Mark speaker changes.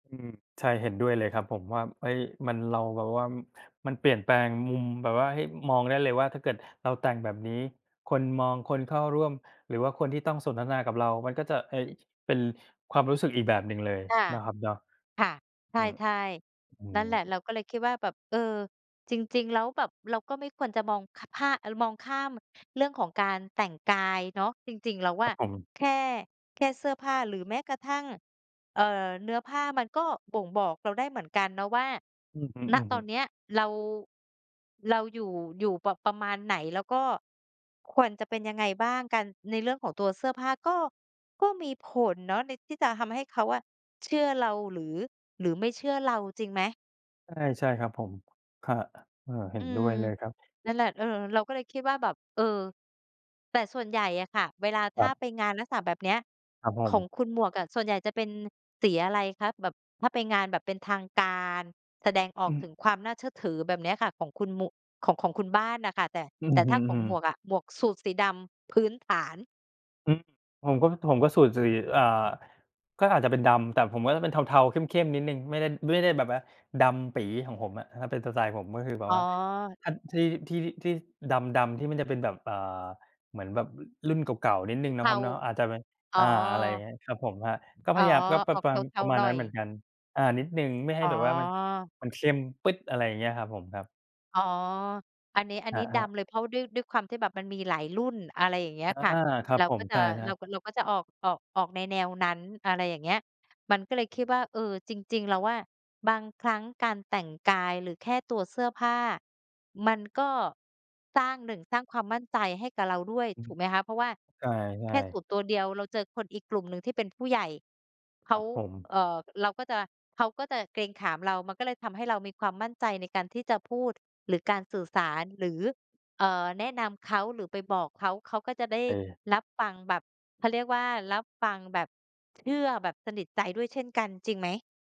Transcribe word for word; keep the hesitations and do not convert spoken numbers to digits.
Speaker 1: อืม ใช่ เห็นด้วยเลยครับ ผมว่า เฮ้ย มัน เราแบบว่า มันเปลี่ยนแปลงมุมแบบว่าให้มองได้เลยว่า ถ้าเกิดเราแต่งแบบนี้ คนมอง คนเข้าร่วม หรือว่าคนที่ต้องสนทนากับเรา มันก็จะ เฮ้ย เป็นความรู้สึกอีกแบบหนึ่งเลย
Speaker 2: ค่ะ
Speaker 1: เนาะครับเนาะ
Speaker 2: ค่ะ ใ
Speaker 1: อืม
Speaker 2: ช่
Speaker 1: อื
Speaker 2: ๆ นั่นแหละ เ
Speaker 1: ม
Speaker 2: ราก็เลยคิดว่าแบบ เออ จริง ๆ แล้วแบบเราก็ไม่ควรจะมอง ค ผ้า มองข้ามเรื่องของการแต่งกายเนาะ จริง ๆ แล้ว
Speaker 1: ค
Speaker 2: อ
Speaker 1: รับ
Speaker 2: ะ
Speaker 1: ผม
Speaker 2: แค่ แค่เสื้อผ้าหรือแม้กระทั่ง เอ่อ เนื้อผ้ามันก็บ่งบอกเราได้เหมือนกันเนาะว่า
Speaker 1: อือ
Speaker 2: ณ
Speaker 1: ฮ
Speaker 2: ตอ
Speaker 1: ึ ๆ
Speaker 2: นเนี้ยเรา เราอยู่ อยู่ประ ประมาณไหน แล้วก็ควรจะเป็นยังไงบ้างกัน ในเรื่องของตัวเสื้อผ้าก็ ก็มีผลเนาะ ใน ที่จะทำให้เขาอะเชื่อเราหรือ หรือไม่เชื่อเรา จริงไหม?
Speaker 1: ใช่ ใช่ครับผม ครับ เออ เห็
Speaker 2: อื
Speaker 1: นด้
Speaker 2: ม
Speaker 1: วยเลยครับ
Speaker 2: นั่นแหละ เออ เราก็เลยคิดว่าแบบ เออ แต่ส่วนใหญ่อะค่ะ เวลาถ
Speaker 1: ค
Speaker 2: ้
Speaker 1: ร
Speaker 2: า
Speaker 1: ับ
Speaker 2: ไปงานลักษณะแบบเนี้ย
Speaker 1: ครับผ
Speaker 2: ขอ
Speaker 1: ม
Speaker 2: งคุณหมวกอะ ส่วนใหญ่จะเป็นสีอะไรคะ? แบบถ้าไปงานแบบเป็นทางการ แสดงออ
Speaker 1: อื
Speaker 2: ก
Speaker 1: ม
Speaker 2: ถึงความน่าเชื่อถือแบบเนี้ยค่ะ ของคุณหมุ ของ ของคุณบ้านน่ะค่ะ แต่
Speaker 1: อื
Speaker 2: แ
Speaker 1: อ
Speaker 2: ต่
Speaker 1: ฮ
Speaker 2: ถ้
Speaker 1: ึ
Speaker 2: าข
Speaker 1: อ
Speaker 2: อง
Speaker 1: ื
Speaker 2: หมว
Speaker 1: อ
Speaker 2: กอะ หมวกสูทสีดำพื้นฐาน
Speaker 1: อืม ผมก็ ผมก็สูทสี อ่า ก็อาจจะเป็นดำ แต่ผมก็จะเป็นเทา ๆ เข้ม ๆ นิดหนึ่ง ไม่ได้ ไม่ได้แบบว่าดำปี๋ของผมอะ ถ้าเป็นสไตล์ผมก็คือแบ
Speaker 2: อ
Speaker 1: บ
Speaker 2: ๋
Speaker 1: ว่า
Speaker 2: อ
Speaker 1: ท ที่ ที่ ที่ดำ ๆ ที่มันจะเป็นแบบ อ่า เหมือนแบบรุ่นเก่า ๆ นิดหน
Speaker 2: ส
Speaker 1: ึ่
Speaker 2: ี
Speaker 1: งเน
Speaker 2: เ
Speaker 1: า
Speaker 2: ท
Speaker 1: ะคร
Speaker 2: า
Speaker 1: ับเนาะ อาจจะเป็น
Speaker 2: อ๋
Speaker 1: อ
Speaker 2: อ
Speaker 1: ่า อะไรเงี้ย ครับผมครับ ก็
Speaker 2: อ
Speaker 1: พ
Speaker 2: ๋อ
Speaker 1: ยายาม ก็ประ
Speaker 2: ออก
Speaker 1: ประ
Speaker 2: เ
Speaker 1: มาณ
Speaker 2: ท
Speaker 1: ป
Speaker 2: า
Speaker 1: ระม
Speaker 2: ๆ
Speaker 1: าณ
Speaker 2: หน่
Speaker 1: นั
Speaker 2: อ
Speaker 1: ้นเหมือ
Speaker 2: ย
Speaker 1: นกัน อ่า นิดหนึ่งไม่ให้
Speaker 2: อ๋อ
Speaker 1: แบบว่ามัน มันเข้มปึ๊ด อะไรอย่างเงี้ย ครับผมครับ
Speaker 2: อ๋อ อันนี้ อัน
Speaker 1: อ
Speaker 2: นี
Speaker 1: ะ
Speaker 2: ้
Speaker 1: ฮ
Speaker 2: ด
Speaker 1: ะ
Speaker 2: ำเลย เพราะด้วย ด้วยความที่แบบมันมีหลายรุ่น อะไรอย่างเงี้ย
Speaker 1: อา
Speaker 2: ค่ะ
Speaker 1: ครั
Speaker 2: เ
Speaker 1: บ
Speaker 2: รา
Speaker 1: ผ
Speaker 2: ก็
Speaker 1: ม
Speaker 2: จะ
Speaker 1: ใช่คร
Speaker 2: เ
Speaker 1: ั
Speaker 2: รา
Speaker 1: บ
Speaker 2: ก็ เราก็จะออก ออก ออกในแนวนั้น อะไรอย่างเงี้ย มันก็เลยคิดว่า เออ จริง ๆ แล้วอะ บางครั้งการแต่งกายหรือแค่ตัวเสื้อผ้า มันก็สร้าง หนึ่ง สร้างความมั่นใจให้กับเราด้วย
Speaker 1: อื
Speaker 2: ถ
Speaker 1: ม
Speaker 2: ูกไหมคะ เพราะว่า
Speaker 1: ใช
Speaker 2: แค
Speaker 1: ่
Speaker 2: ่สู
Speaker 1: ๆ
Speaker 2: ทตัวเดียวเราเจอคนอีกกลุ่มหนึ่งที่เป็นผู้ใหญ่ เข
Speaker 1: คร
Speaker 2: า
Speaker 1: ับผม
Speaker 2: เอ่อ เราก็จะ เขาก็จะเกรงขามเรา มันก็เลยทำให้เรามีความมั่นใจในการที่จะพูด หรือการสื่อสาร หรือ เอ่อ แนะนำเขา หรือไปบอกเขา เขาก็จะได้
Speaker 1: ใช่
Speaker 2: รับฟังแบบ เขาเรียกว่า รับฟังแบบเชื่อแบบสนิทใจด้วยเช่นกัน จริงไหม?